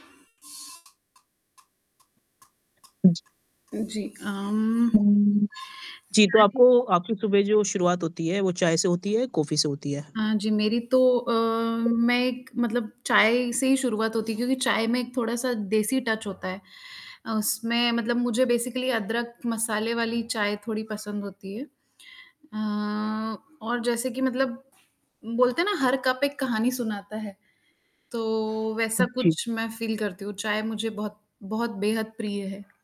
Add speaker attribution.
Speaker 1: जी, अम,
Speaker 2: जी, तो आपको
Speaker 1: [unintelligible]
Speaker 2: आपकी सुबह जो शुरुआत होती है वो चाय से होती है या कॉफी से होती है?
Speaker 1: हाँ जी, मेरी तो अ, मैं एक मतलब चाय से ही शुरुआत होती है क्योंकि चाय में एक थोड़ा-सा देसी टच होता है, उसमें मतलब मुझे बेसिकली अदरक, मसाले वाली चाय थोड़ी पसंद होती है। अ, और जैसे कि मतलब बोलते हैं ना हर कप एक कहानी सुनाता है, तो वैसा
Speaker 2: जी।
Speaker 1: कुछ मैं फ़ील करती हूँ, चाय मुझे बहुत बहुत बेहद प्रिय है।